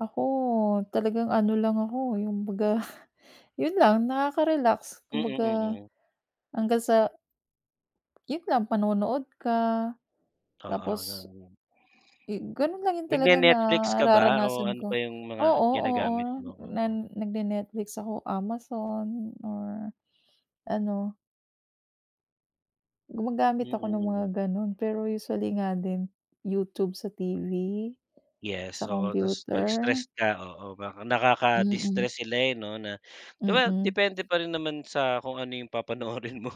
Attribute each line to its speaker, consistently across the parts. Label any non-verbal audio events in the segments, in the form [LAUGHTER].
Speaker 1: Ako talagang ano lang ako, yung kumbaga yun lang, nakaka-relax
Speaker 2: Mm
Speaker 1: kumbaga,
Speaker 2: mm.
Speaker 1: hanggang sa yun lang panonood ka
Speaker 2: Oo
Speaker 1: tapos,
Speaker 2: ganun.
Speaker 1: eh, ganun lang talaga
Speaker 2: Nagne-netflix ka ba o
Speaker 1: nararanasan
Speaker 2: ano pa
Speaker 1: ko,
Speaker 2: yung mga
Speaker 1: oo, oo
Speaker 2: ginagamit mo?
Speaker 1: na
Speaker 2: Oo.
Speaker 1: nagne-netflix ako, amazon, or ano.
Speaker 2: Mm
Speaker 1: Gumagamit ako ng mga
Speaker 2: mm.
Speaker 1: ganon, pero usually nga din YouTube sa TV,
Speaker 2: Yes
Speaker 1: sa
Speaker 2: oo, tas pag
Speaker 1: computer.
Speaker 2: stress ka, oo, baka
Speaker 1: Mm.
Speaker 2: nakaka-distress sila eh 'no, na 'di ba
Speaker 1: Mm.
Speaker 2: depende pa rin naman sa kung ano yung papanoorin mo.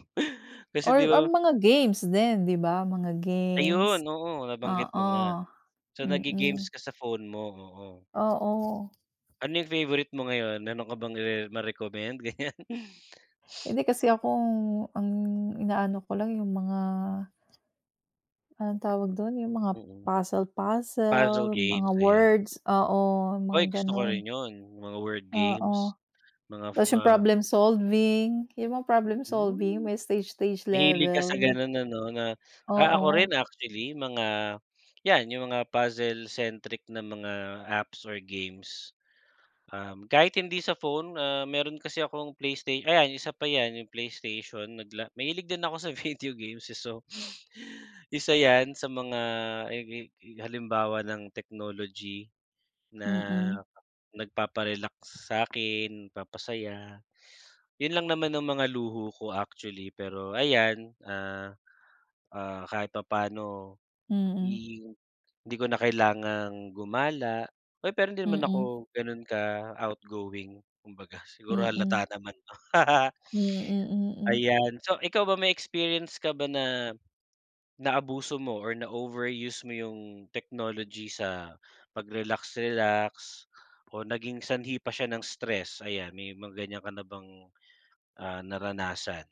Speaker 2: Kasi
Speaker 1: Or
Speaker 2: 'di
Speaker 1: ang
Speaker 2: ba
Speaker 1: mga games din, 'di ba, mga games,
Speaker 2: Ayun, oo, nabanggit mo
Speaker 1: oo.
Speaker 2: nga. So nagge-games
Speaker 1: Mm.
Speaker 2: ka sa phone mo, oo.
Speaker 1: Oo.
Speaker 2: Ano yung favorite mo ngayon? Meron ka bang re ma-recommend ganyan?
Speaker 1: Hindi, kasi ako ang inaano ko lang yung mga Anong tawag dun? Yung mga
Speaker 2: Mm. Puzzle
Speaker 1: puzzle-puzzle, mga
Speaker 2: games, ayan.
Speaker 1: words, oo mga
Speaker 2: Uy, gusto ko
Speaker 1: ganon.
Speaker 2: rin yun, mga word
Speaker 1: Oo,
Speaker 2: games, mga af
Speaker 1: tas yung
Speaker 2: ah
Speaker 1: problem solving, yung mga problem solving
Speaker 2: Mm.
Speaker 1: may stage stage
Speaker 2: Mahilig ka sa
Speaker 1: level.
Speaker 2: ganun ano, na ako
Speaker 1: Oo.
Speaker 2: rin actually mga yan yung mga puzzle centric na mga apps or games. Um, kahit hindi sa phone ah, meron kasi akong playstay ayan isa pa yan yung PlayStation nagla mahilig din ako sa video games eh, so isa yan sa mga eg eg halimbawa ng technology na
Speaker 1: Mm.
Speaker 2: nagpapa-relax sa'kin, nagpapasaya, yun lang naman ang mga luho ko actually pero ayan, ah ah, kahit papaano
Speaker 1: Mm.
Speaker 2: i hindi ko na kailangang gumala. Uy pero hindi naman
Speaker 1: Mm.
Speaker 2: ako ganun ka-outgoing kumbaga siguro
Speaker 1: Mm.
Speaker 2: halata naman 'no [LAUGHS]
Speaker 1: Hmm, mm.
Speaker 2: Ayan, so ikaw ba may experience ka ba na naabuso mo or na overuse mo yung technology sa pagrelax-relax o naging sanhi pa siya ng stress ayan, may mga ganyan ka na bang ah, naranasan?